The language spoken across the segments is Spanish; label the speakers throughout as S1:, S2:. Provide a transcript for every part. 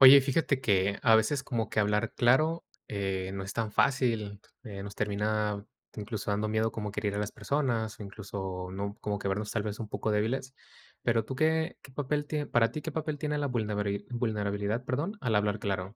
S1: Oye, fíjate que a veces como que hablar claro, eh, no es tan fácil, eh, nos termina incluso dando miedo como que herir a las personas, o incluso, ¿no?, como que vernos tal vez un poco débiles. Pero tú, ¿qué qué papel tie para ti qué papel tiene la vulnebari vulnerabilidad, perdón, al hablar claro?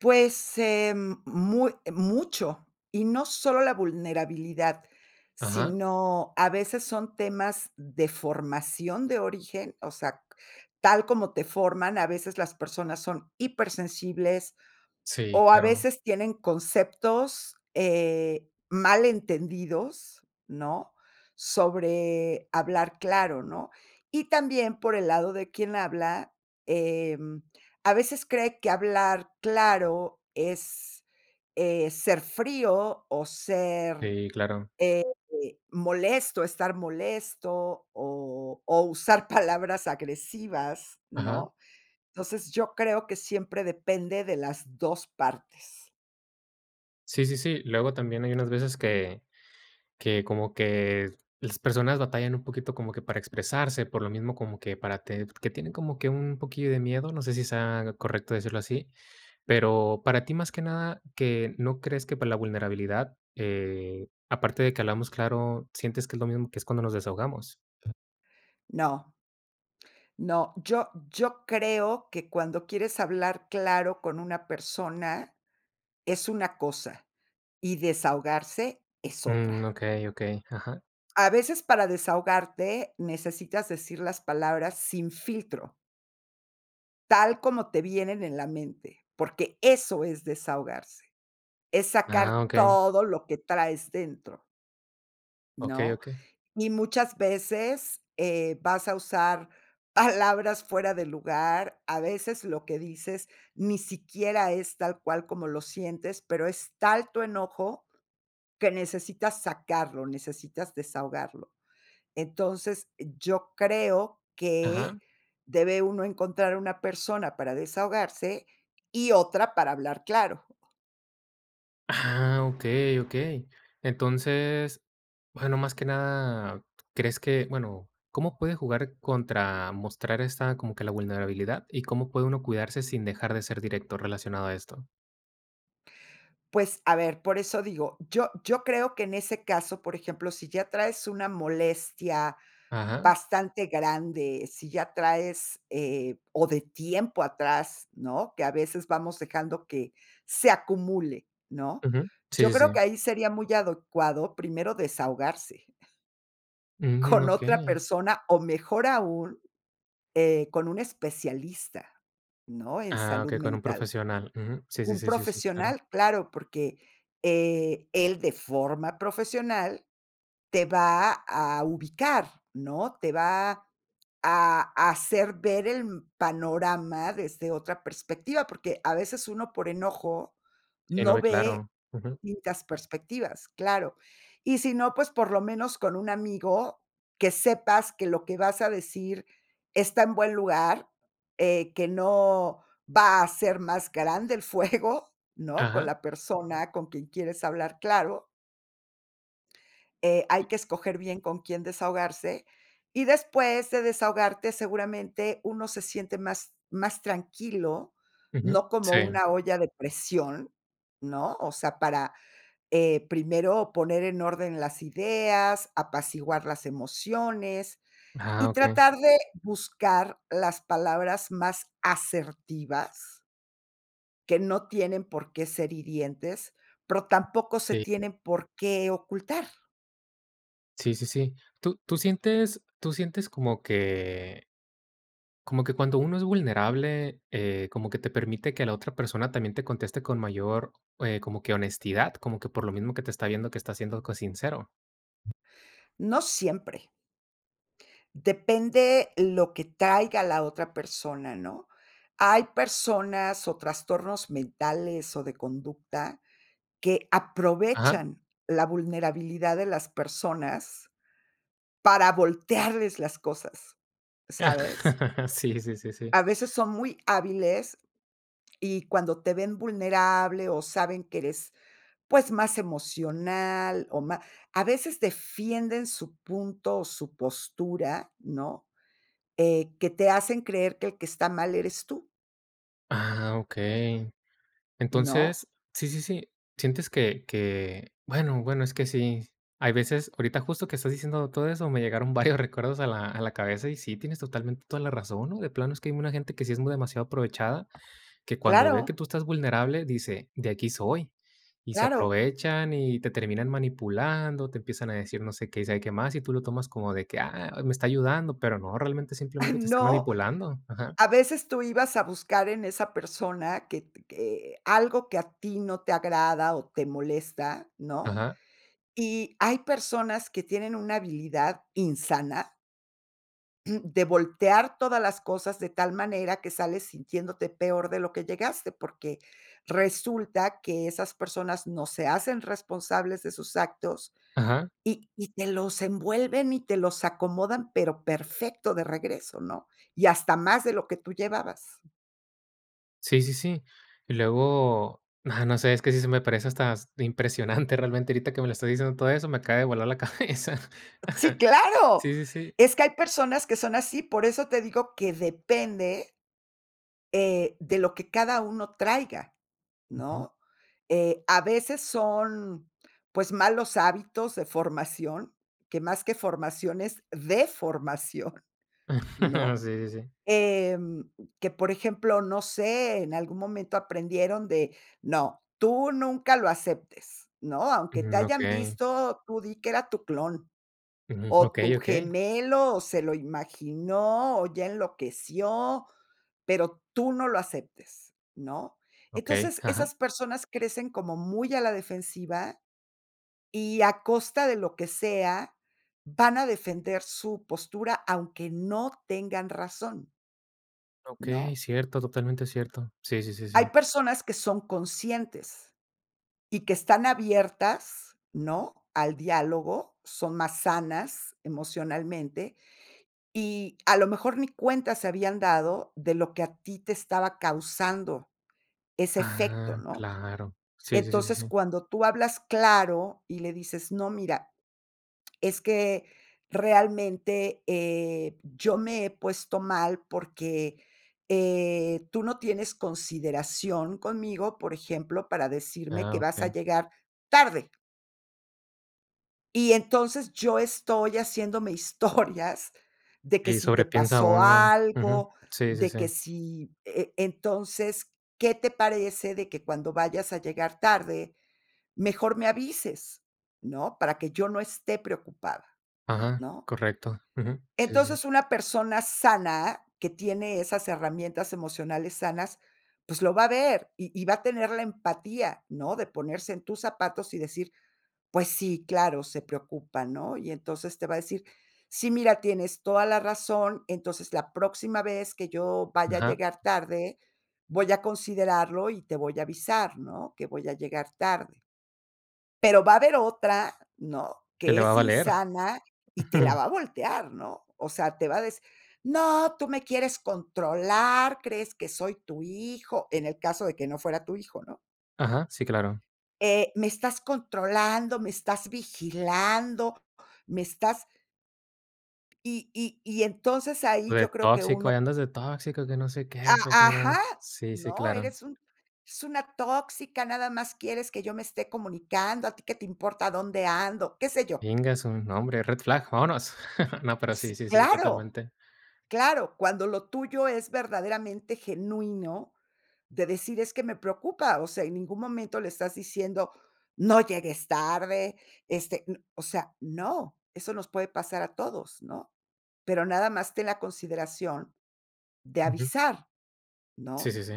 S2: Pues em, muy mucho, y no solo la vulnerabilidad,
S1: Ajá.
S2: sino a veces son temas de formación de origen, o sea, tal como te forman, a veces las personas son hipersensibles,
S1: Sí,
S2: o a
S1: claro.
S2: veces tienen conceptos, eh, mal entendidos, ¿no?, sobre hablar claro, ¿no? Y también por el lado de quien habla, em, a veces cree que hablar claro es, eh, ser frío o ser,
S1: Sí, claro.
S2: eh, molesto, estar molesto, o o usar palabras agresivas,
S1: Ajá.
S2: ¿no? Entonces, yo creo que siempre depende de las 2 partes.
S1: Sí, sí, sí. Luego, también hay unas veces que que como que las personas batallan un poquito, como que para expresarse, por lo mismo, como que para ted que tienen como que un poquillo de miedo, no sé si sea correcto decirlo así. Pero para ti, más que nada, que no crees que para la vulnerabilidad, eh, aparte de que hablamos claro, ¿sientes que es lo mismo que es cuando nos desahogamos?
S2: No. No, yo yo creo que cuando quieres hablar claro con una persona, es una cosa, y desahogarse es
S1: Mm,
S2: otra.
S1: okey, okey, ajá.
S2: A veces, para desahogarte, necesitas decir las palabras sin filtro tal como te vienen en la mente, porque eso es desahogarse. Es sacar
S1: Ah, okey.
S2: todo lo que traes dentro
S1: Okey,
S2: ¿no?
S1: okey.
S2: Y muchas veces, eh, vas a usar palabras fuera de lugar, a veces lo que dices ni siquiera es tal cual como lo sientes, pero es tal tu enojo que necesitas sacarlo, necesitas desahogarlo. Entonces, yo creo que
S1: Ajá.
S2: debe uno encontrar una persona para desahogarse y otra para hablar claro.
S1: Ah, okey, okey. Entonces, bueno, más que nada, crees que, bueno, ¿cómo puede jugar contra mostrar esta, como que la vulnerabilidad y cómo puede uno cuidarse sin dejar de ser directo relacionado de esto?
S2: Pues, a ver, por eso digo, yo yo creo que en ese caso, por ejemplo, si ya traes una molestia
S1: Ajá.
S2: bastante grande, si ya traes, eh, o de tiempo atrás, ¿no? Que a veces vamos dejando que se acumule, ¿no?
S1: Ujú. Sí,
S2: Yo
S1: sí,
S2: creo que
S1: sí.
S2: ahí sería muy adecuado, primero desahogarse.
S1: Mm,
S2: Con otra
S1: okey.
S2: persona, o mejor aún, eh, con un especialista, ¿no? En
S1: Ah,
S2: salud
S1: okey, con un
S2: mental.
S1: profesional. Ujú, sí, sí,
S2: Un
S1: sí, sí, sí, claro.
S2: profesional, claro, porque, eh, él de forma profesional te va a ubicar, ¿no? Te va a a hacer ver el mm, panorama desde otra perspectiva, porque a veces uno, por enojo,
S1: Sí, no
S2: no
S1: ve
S2: ve
S1: claro. Ujú.
S2: distintas perspectivas, claro. Y si no, pues, por lo menos con un amigo, que sepas que lo que vas a decir está en buen lugar, eh, que no va a ser más grande el fuego, ¿no? Con
S1: Ajá.
S2: la persona con quien quieres hablar, claro Eh, hay que escoger bien con quién desahogarse, y después de desahogarte, seguramente uno se siente más más tranquilo,
S1: Ujú,
S2: no como
S1: sí.
S2: una olla de presión, ¿no? O sea, para, eh, primero poner en orden las ideas, apaciguar las emociones,
S1: Ah,
S2: y
S1: okey.
S2: tratar de buscar las palabras más asertivas que no tienen por qué ser hirientes, pero tampoco se
S1: Sí.
S2: tienen por qué ocultar.
S1: Sí, sí, sí. ¿Tú tú sientes tú sientes como que como que cuando uno es vulnerable, eh, como que te permite que la otra persona también te conteste con mayor, eh, como que honestidad, como que por lo mismo que te está viendo que estás siendo co sincero?
S2: No siempre. Depende lo que traiga la otra persona, ¿no? Hay personas o trastornos mentales o de conducta que
S1: Ajá.
S2: aprovechan la vulnerabilidad de las personas para voltearles las cosas, ¿sabes?
S1: Sí, sí, sí, sí.
S2: A veces son muy hábiles y cuando te ven vulnerable o saben que eres, pues, más emocional o ma a veces defienden su punto o su postura, ¿no?, eh, que te hacen creer que el que está mal eres tú.
S1: Ah, okey.
S2: ¿No?
S1: Entonces, sí sí sí sientes que que, bueno bueno, es que sí. Hay veces, ahorita justo que estás diciendo todo eso, me llegaron varios recuerdos a la a la cabeza y sí, tienes totalmente toda la razón, ¿no?, de plano es que hay una gente que sí es muy demasiado aprovechada, que cuando ve que
S2: Claro.
S1: tú estás vulnerable, dice: "De aquí soy". Y se
S2: Claro.
S1: aprovechan y te terminan manipulando, te empiezan a decir no sé qué y sabe qué más y tú lo tomas como de que: "Ah, me está ayudando", pero no, realmente simplemente te está
S2: No,
S1: manipulando. Ajá.
S2: a veces tú ibas a buscar en esa persona que t que algo que a ti no te agrada o te molesta, ¿no?
S1: Ajá.
S2: Y hay personas que tienen una habilidad insana de voltear todas las cosas de tal manera que sales sintiéndote peor de lo que llegaste, porque resulta que esas personas no se hacen responsables de sus actos
S1: Ajá.
S2: y y te los envuelven y te los acomodan, pero perfecto de regreso, ¿no? Y hasta más de lo que tú llevabas.
S1: Sí, sí, sí. Y luego, ah, no sé, es que sí se me parece hasta impresionante, realmente ahorita que me lo estás diciendo todo eso me acaba de volar la cabeza.
S2: Sí, claro.
S1: Sí, sí, sí.
S2: Es que hay personas que son así, por eso te digo que depende eh, de lo que cada uno traiga,
S1: Ujú.
S2: ¿no? Eh, a veces son, pues, malos hábitos de formación, que más que formación es deformación, ¿no?
S1: Sí, sí, sí.
S2: Em, que por ejemplo, no sé, en algún momento aprendieron de, no, tú nunca lo aceptes, ¿no?, aunque te
S1: Mm,
S2: hayan
S1: okey.
S2: visto, tú di que era tu clon,
S1: Ujú,
S2: o
S1: okey,
S2: tu
S1: okey.
S2: gemelo, o se lo imaginó, o ya enloqueció, pero tú no lo aceptes, ¿no?
S1: Okey,
S2: Entonces,
S1: ajá.
S2: esas personas crecen como muy a la defensiva y, a costa de lo que sea, van a defender su postura, aunque no tengan razón.
S1: Okey,
S2: ¿No?
S1: cierto, totalmente cierto. Sí, sí, sí,
S2: Hay
S1: sí.
S2: personas que son conscientes, y que están abiertas, ¿no?, al diálogo, son más sanas emocionalmente, y a lo mejor ni cuenta se habían dado de lo que a ti te estaba causando ese efecto,
S1: Ah,
S2: ¿no?
S1: claro, sí, sí, sí,
S2: Entonces,
S1: sí.
S2: cuando tú hablas claro y le dices: "No mira, es que realmente, eh, yo me he puesto mal porque, eh, tú no tienes consideración conmigo, por ejemplo, para decirme que
S1: Ah,
S2: vas a
S1: okey.
S2: llegar tarde". Y entonces yo estoy haciéndome historias de que
S1: Y
S2: si te
S1: sobrepiensa
S2: pasó
S1: uno, ujú.
S2: algo,
S1: Sí, sí,
S2: de
S1: sí.
S2: que si, e e entonces, ¿qué te parece de que cuando vayas a llegar tarde, mejor me avises, no?, para que yo no esté preocupada,
S1: Ajá.
S2: ¿no?
S1: Correcto, ujú. Sí, sí, sí.
S2: Entonces, una persona sana, que tiene esas herramientas emocionales sanas, pues lo va a ver, y y va a tener la empatía, ¿no?, de ponerse en tus zapatos y decir: "Pues sí, claro, se preocupa", ¿no? Y entonces te va a decir: "Sí, mira, tienes toda la razón, entonces la próxima vez que yo vaya a
S1: Ajá.
S2: llegar tarde, voy a considerarlo y te voy a avisar, ¿no?, que voy a llegar tarde". Pero va a haber otra, ¿no?,
S1: Que
S2: que
S1: le va a
S2: es
S1: valer.
S2: insana y te la va a voltear, ¿no?, o sea, te va a decir: "¡No, tú me quieres controlar, crees que soy tu hijo!". En el caso de que no fuera tu hijo, ¿no?
S1: Ajá. Sí, claro.
S2: eh, "¡me estás controlando, me estás vigilando, me estás" Y y y entonces ahí
S1: O de
S2: yo creo que
S1: tóxico,
S2: uno
S1: ahí andas de tóxico, que no sé qué, sabe qué
S2: A ajá.
S1: más. Sí, sí,
S2: ¿No?,
S1: claro.
S2: eres un es una tóxica, nada más quieres que yo me esté comunicando, a ti qué te importa dónde ando. Qué sé yo.
S1: Íngasu, nombre, red flag vámonos. No, pero sí,
S2: Si,
S1: sí, sí,
S2: ¡claro!
S1: totalmente.
S2: Claro, cuando lo tuyo es verdaderamente genuino, de decir: "Es que me preocupa", o sea, en ningún momento le estás diciendo: "No llegues tarde", este n o sea, no, eso nos puede pasar a todos, ¿no? "Pero nada más ten la consideración de
S1: Ujú.
S2: avisar",
S1: Sí,
S2: ¿no?
S1: sí, sí.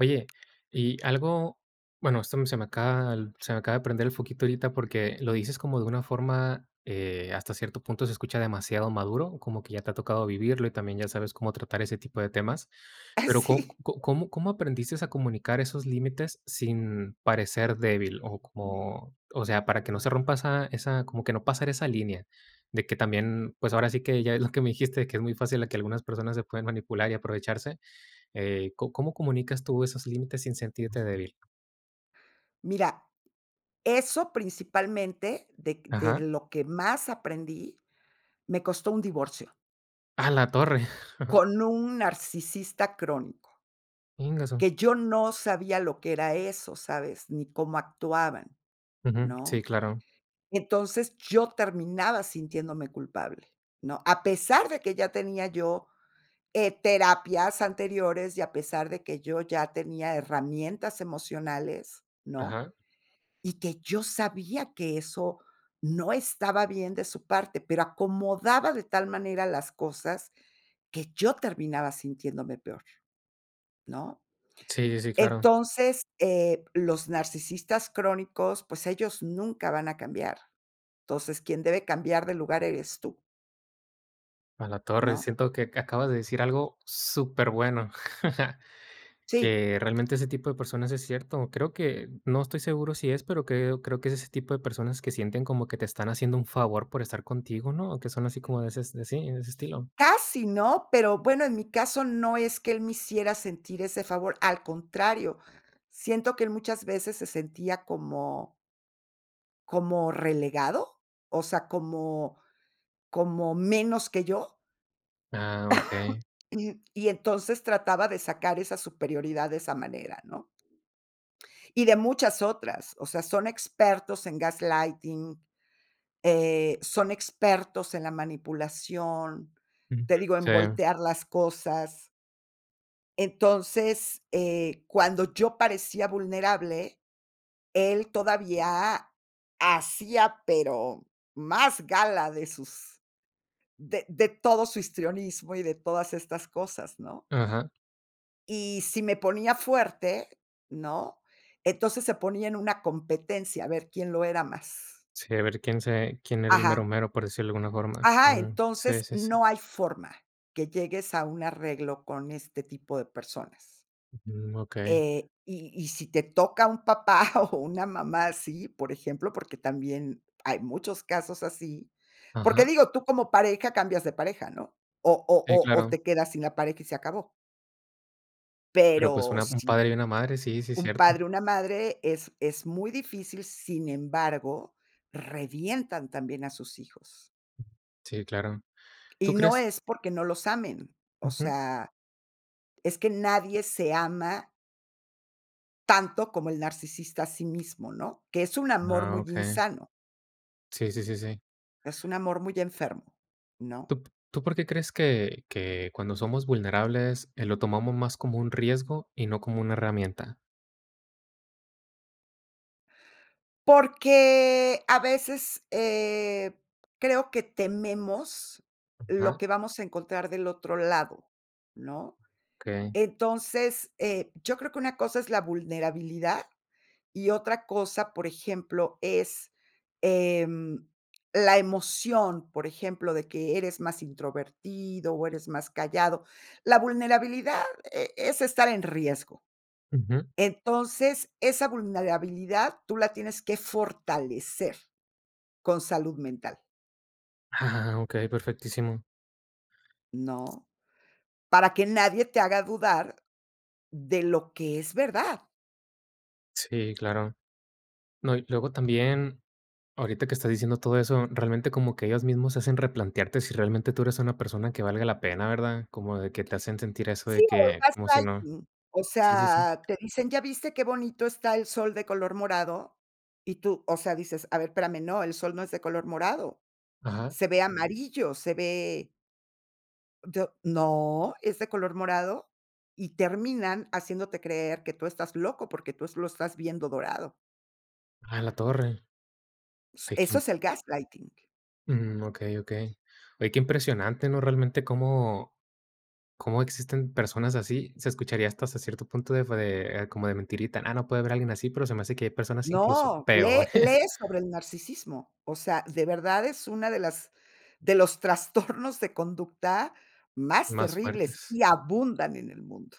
S1: Oye, y algo, bueno, esto m se me acaba el se me acaba de aprender el foquito ahorita porque lo dices como de una forma, eh, hasta cierto punto se escucha demasiado maduro, como que ya te ha tocado vivirlo y también ya sabes cómo tratar ese tipo de temas. Pero, ¿có
S2: Sí.
S1: c có cómo cómo aprendiste a comunicar esos límites sin parecer débil? O como, o sea, para que no se rompa esa esa como que no pasar esa línea de que también, pues ahora sí que ya ves lo que me dijiste, que es muy fácil a que algunas personas se pueden manipular y aprovecharse. Eh, ¿có cómo comunicas tú esos límites sin sentirte débil?
S2: Mira, eso principalmente dec de
S1: Ajá.
S2: lo que más aprendí, me costó un divorcio
S1: ¡A la torre!
S2: con un narcisista crónico
S1: Íngasu.
S2: que yo no sabía lo que era eso, ¿sabes?, ni cómo actuaban,
S1: Ujú. Sí,
S2: ¿no?
S1: claro.
S2: Entonces, yo terminaba sintiéndome culpable, ¿no?, a pesar de que ya tenía yo, eh, terapias anteriores y a pesar de que yo ya tenía herramientas emocionales, ¿no?,
S1: Ajá.
S2: y que yo sabía que eso no estaba bien de su parte, pero acomodaba de tal manera las cosas que yo terminaba sintiéndome peor, ¿no?
S1: Sí, sí, sí claro.
S2: Entonces, eh, los narcisistas crónicos, pues ellos nunca van a cambiar. Entonces, quien debe cambiar de lugar eres tú.
S1: A la torre,
S2: ¿No?
S1: siento que aca acabas de decir algo superbueno,
S2: Sí.
S1: que realmente ese tipo de personas es cierto. Creo que no estoy seguro si es, pero, creo creo que es ese tipo de personas que sienten como que te están haciendo un favor por estar contigo, ¿no? O que son así como de ese, de sí, de ese estilo.
S2: Casi no, pero, bueno en mi caso no es que él me hiciera sentir ese favor. Al contrario, siento que él muchas veces se sentía como como relegado, o sea, como como menos que yo.
S1: Ah, okey.
S2: Y entonces trataba de sacar esa superioridad de esa manera, ¿no? Y de muchas otras, o sea, son expertos en gaslighting eh, son expertos en la manipulación,
S1: Ujú,
S2: te digo, en
S1: sí.
S2: voltear las cosas. Entonces, eh, cuando yo parecía vulnerable, él todavía a hacía, pero más gala de sus de de todo su histrionismo, y, de todas estas cosas ¿no?
S1: Ajá.
S2: Y si me ponía fuerte, ¿no? Entonces se ponía en una competencia a ver quién lo era más.
S1: Sí, a ver quién se quién era el mero,
S2: Ajá.
S1: mero, por decirlo de alguna forma.
S2: Ajá,
S1: Mm, sí,
S2: entonces
S1: sí, sí.
S2: no hay forma que llegues a un arreglo con este tipo de personas.
S1: Ujú, okey.
S2: Eh, y y si te toca un papá, o, una mamá así, por ejemplo, porque también hay muchos casos así. Porque
S1: Ajá.
S2: digo, tú como pareja cambias de pareja ¿no? O o
S1: Sí,
S2: o o,
S1: claro.
S2: te quedas sin la pareja y se acabó.
S1: Pero, pues,
S2: Pero
S1: una, un
S2: si
S1: padre y una madre, sí, sí,
S2: un
S1: cierto.
S2: padre o una madre es es muy difícil, sin embargo, revientan también a sus hijos.
S1: Sí, claro. ¿Tú
S2: Y no
S1: crees?
S2: es porque no los amen, o
S1: Ujú.
S2: sea, es que nadie se ama tanto como el narcisista a sí mismo, ¿no? Que es un amor
S1: Ah,
S2: muy
S1: okey.
S2: insano.
S1: Sí, sí, sí, sí.
S2: Es un amor muy enfermo, ¿no?
S1: ¿Tú p tú por qué crees que que cuando somos vulnerables, eh, lo tomamos más como un riesgo, y no como una herramienta?
S2: Porque a veces, eh, creo que tememos lo
S1: Ajá.
S2: que vamos a encontrar del otro lado, ¿no?
S1: Okey.
S2: Entonces, eh, yo creo que una cosa es la vulnerabilidad y otra cosa, por ejemplo, es, em, la emoción, por ejemplo, de que eres más introvertido o eres más callado. La vulnerabilidad e es estar en riesgo.
S1: Ujú.
S2: Entonces, esa vulnerabilidad tú la tienes que fortalecer con salud mental.
S1: Ah, okey, perfectísimo.
S2: ¿no?, para que nadie te haga dudar de lo que es verdad.
S1: Sí, claro. No, y luego también ahorita que estás diciendo todo eso, realmente como que ellos mismos hacen replantearte si realmente tú eres una persona que valga la pena, ¿verdad? Como de que te hacen sentir eso
S2: Sí,
S1: de
S2: o, el
S1: que como si no
S2: gaslighting, o
S1: Sí, sí, sí.
S2: sea, te dicen: "¿Ya viste qué bonito está el sol de color morado?". Y tú, o sea, dices: "A ver, espérame, no, el sol no es de color morado.
S1: Ajá.
S2: Se ve amarillo, se ve" D "No, es de color morado". Y terminan haciéndote creer que tú estás loco, porque tú lo estás viendo dorado.
S1: Ah, en la torre. Hay que
S2: Eso
S1: m
S2: es el gaslighting.
S1: Mm, okey, okey. Oye, qué impresionante, ¿no?, realmente cómo cómo existen personas así. Se escucharía hasta c cierto punto de fu como de mentirita. Ah, no puede haber alguien así, pero se me hace que hay personas, incluso,
S2: No,
S1: peores.
S2: lee lee sobre el narcisismo. O sea, de verdad es una de las de los trastornos de conducta más
S1: Más
S2: terribles,
S1: fuertes.
S2: y abundan en el mundo.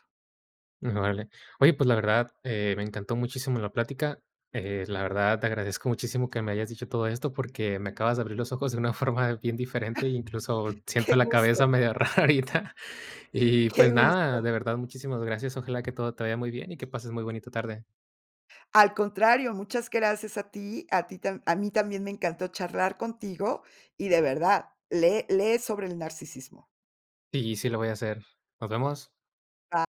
S1: Órale. Oye, pues, la verdad, eh me encantó muchísimo la plática. Eh, la verdad, te agradezco muchísimo que me hayas dicho todo esto, porque me acabas de abrir los ojos de una forma bien diferente, incluso siento
S2: ¡Qué
S1: la cabeza
S2: gusto!
S1: medio rarita. Y
S2: ¡Qué
S1: pues nada,
S2: gusto!
S1: de verdad, muchísimas gracias, ojalá que todo te vaya muy bien y que pases muy bonita tarde.
S2: Al contrario, muchas gracias a ti, a ti tan a mí también me encantó charlar contigo, y de verdad lee lee sobre el narcisismo.
S1: Y sí, lo voy a hacer. Nos vemos.
S2: Ba